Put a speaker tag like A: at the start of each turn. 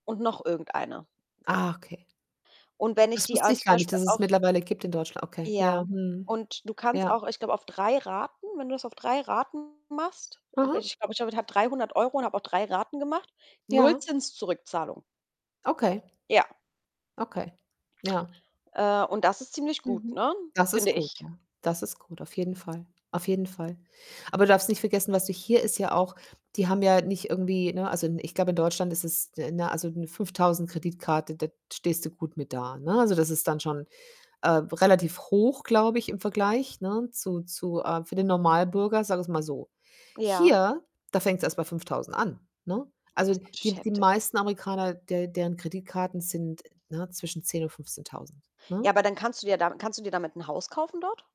A: Und noch irgendeine.
B: Ah, okay.
A: Und wenn ich
B: Das
A: die
B: wusste
A: an
B: ich
A: zum
B: gar nicht,
A: Beispiel
B: dass es
A: auf
B: mittlerweile gibt in Deutschl okay.
A: Ja.
B: Ja, mhm.
A: Und du kannst
B: Ja.
A: auch, ich glaube, auf 3 Raten, wenn du es auf 3 Raten machst wenn
B: Aha.
A: ich glaube, ich habe damit habe 300 € und habe auch 3 Raten gemacht,
B: Ja.
A: Nullzins-Zurückzahlung.
B: Okay.
A: Ja.
B: Okay, ja.
A: Äh, und das ist ziemlich gut,
B: Mhm.
A: ne?
B: Das ist
A: Finde
B: gut,
A: ich.
B: ja. Das ist gut, auf jeden Fall, auf jeden Fall. Aber du darfst nicht vergessen, was du hier ist ja auch die haben ja nicht irgendwie, ne also, ich glaube, in Deutschland ist es ne, also, 'ne 5.000 Kreditkarte, da stehst du gut mit da, ne? Also, das ist dann schon, äh, relativ hoch, glaube ich, im Vergleich, ne, zu zu, äh für den Normalbürger, sagen wir es mal so.
A: Ja.
B: Hier, da fängt's erst bei 5.000 an, ne?
A: Ja,
B: Also,
A: das ist natürlich
B: die die
A: heftig.
B: meisten Amerikaner, der deren Kreditkarten sind, ne, zwischen 10 und 15.000,
A: Ja,
B: ne?
A: aber dann kannst du dir da kannst du dir damit 'n Haus kaufen dort?